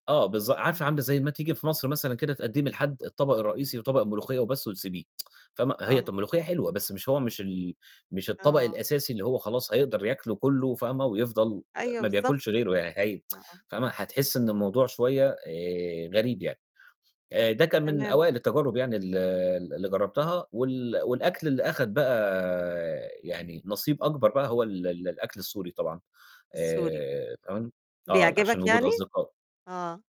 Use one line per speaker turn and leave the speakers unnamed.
آه، بالض عارفة
إمم.
عاملة زَي ما تيجي في مصر مثلًا كده تقدِّمي لحد الطبق الرئيسي وطبق الملوخية بس وتسيبيه، فاهمة، هي طَب
آه.
الملوخية حلوة، بس مش هو مش ال مش الطبق
آه.
الأساسي اللي هو خلاص هيقدر ياكله كلّه فاهمة ويفضَل آآ
أيوه
ما
بالضبط،
بياكلش
ف
غيره يعني هي
آه، آه.
فاهمة، هتحسّي إن الموضوع شوية آآ غريب يعني. آآ ده كان من
تمام.
أوائل التجارب يعني ال اللي جرَّبتها، وال والأكل اللي أخد بقى يعني نصيب أكبر بقى هو ال ال الأكل السوري طبعًا،
السوري.
آآ كمان آه، عشان
بيعجبك
وجود
يعني؟
أصدقاء.
آه.